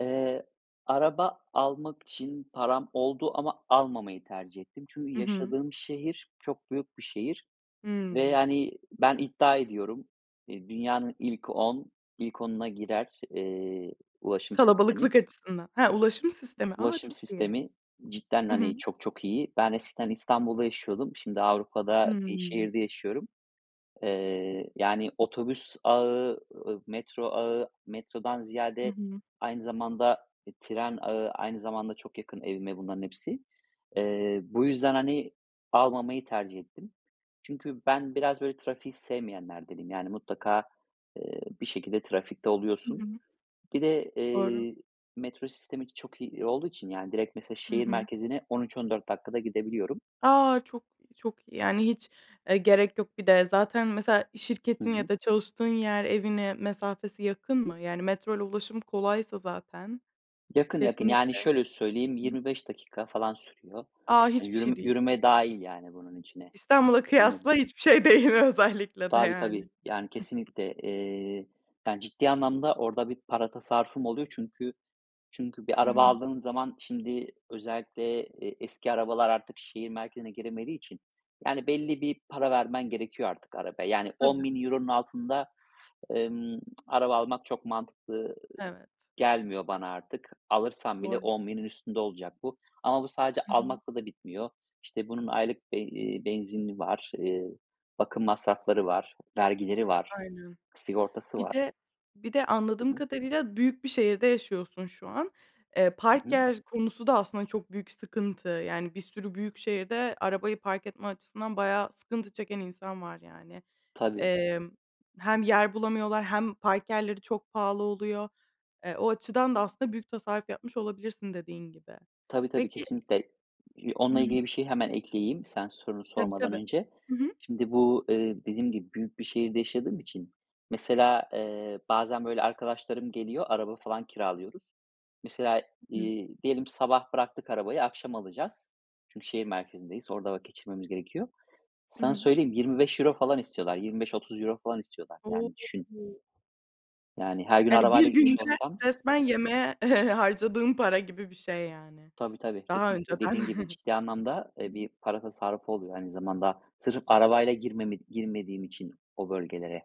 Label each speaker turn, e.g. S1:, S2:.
S1: Eee, araba almak için param oldu ama almamayı tercih ettim. Çünkü
S2: Hı hı.
S1: yaşadığım şehir çok büyük bir şehir ve
S2: Hımm.
S1: yani, ben iddia ediyorum, eee, dünyanın ilk on ilk onuna girer, eee, ulaşım sistemi.
S2: Kalabalıklık açısından. Ha! Ulaşım sistemi. A!
S1: Ulaşım
S2: Çok iyi.
S1: sistemi cidden,
S2: I
S1: hani,
S2: hı.
S1: çok, çok iyi. Ben eskiden İstanbul'da yaşıyordum. Şimdi Avrupa'da bir
S2: Imm.
S1: şehirde yaşıyorum. Eee, yani, otobüs ağı, ııı, metro ağı, metrodan
S2: Hı
S1: ziyade
S2: hı.
S1: aynı zamanda, eee, tren ağı, aynı zamanda çok yakın evime bunların hepsi. Eee, bu yüzden, hani, almamayı tercih ettim. Çünkü ben biraz, böyle, trafiği sevmeyenlerdenim. Yani, mutlaka, eee, bir şekilde trafikte
S2: Hı
S1: oluyorsun.
S2: hı.
S1: Bir de,
S2: Doğru.
S1: eee, metro sistemi de çok iyi olduğu için, yani direkt mesela
S2: Hı
S1: şehir
S2: hı.
S1: merkezine 13-14 dakikada gidebiliyorum.
S2: A! Çok, çok iyi. Yani, hiç, eee, gerek yok. Bir de zaten mesela
S1: Hı
S2: şirketin
S1: hı.
S2: ya da çalıştığın yer evine mesafesi yakın mı? Yani, metroyla ulaşım kolaysa zaten.
S1: Yakın, yakın. Yani,
S2: Kesinlikle.
S1: şöyle söyleyeyim,
S2: Hıı.
S1: 25 dakika falan sürüyor.
S2: A!
S1: Hani,
S2: Hiçbir şey
S1: yürüme
S2: değil.
S1: yürüme dâhil yani bunun içine.
S2: İstanbul'a
S1: Yürüme
S2: kıyasla
S1: dâhil.
S2: hiçbir şey değil özellikle de,
S1: Tabii, tabii.
S2: yani.
S1: Yani, kesinlikle. Eee, yani, ciddi anlamda orada bir para tasarrufum oluyor çünkü çünkü bir
S2: Hı
S1: araba
S2: hı.
S1: aldığım zaman şimdi özellikle, eee, eski arabalar artık şehir merkezine giremediği için. Yani, belli bir para vermen gerekiyor artık arabaya. Yani, on
S2: Tabii.
S1: bin euronun altında emm, araba almak çok mantıklı, ııı,
S2: Evet.
S1: gelmiyor bana artık. Alırsan bile
S2: Doğru.
S1: 10.000'in üstünde olacak bu. Ama bu sadece
S2: Hı hı.
S1: almakla da bitmiyor. İşte, bunun aylık be eee, benzini var, eee, bakım masrafları var, vergileri var,
S2: Aynen.
S1: sigortası
S2: Bir
S1: var.
S2: de bir de
S1: Hı
S2: anladığım
S1: hı.
S2: kadarıyla büyük bir şehirde yaşıyorsun şu an. Eee,
S1: Hı
S2: park
S1: hı.
S2: yer konusu da aslında çok büyük sıkıntı. Yani, bir sürü büyük şehirde arabayı park etme açısından bayağı sıkıntı çeken insan var, yani.
S1: Tabii.
S2: Emm, hem yer bulamıyorlar hem park yerleri çok pahalı oluyor. Eee, o açıdan da aslında büyük tasarruf yapmış olabilirsin dediğin gibi.
S1: Tabii, tabii.
S2: Peki
S1: Kesinlikle. İii,
S2: Hı
S1: onunla
S2: hı.
S1: ilgili bir şey hemen ekleyeyim sen sorunu
S2: Tabii,
S1: sormadan
S2: tabii.
S1: önce.
S2: Hı hı.
S1: Şimdi bu, eee, dediğim gibi büyük bir şehirde yaşadığım için, mesela, eee, bazen, böyle, arkadaşlarım geliyor, araba falan kiralıyoruz. Mesela,
S2: Hı hı.
S1: iii, diyelim sabah bıraktık arabayı, akşam alacağız. Çünkü şehir merkezindeyiz. Orada vakit geçirmemiz gerekiyor.
S2: I
S1: Sana
S2: hı.
S1: söyleyeyim, €25 falan istiyorlar. €25-30 falan istiyorlar.
S2: O!
S1: Yani düşün. Yani, her gün
S2: Yani, 1
S1: arabayla gitmiş
S2: günde
S1: olsam.
S2: resmen yemeğe harcadığın para gibi bir şey, yani.
S1: Tabii, tabii.
S2: Daha
S1: Kesinlikle.
S2: önceden.
S1: Dediğin gibi,
S2: Hı
S1: ciddi anlamda, eee,
S2: hı.
S1: bir para tasarrufu oluyor aynı zamanda, sırf arabayla girmemi girmediğim için o bölgelere.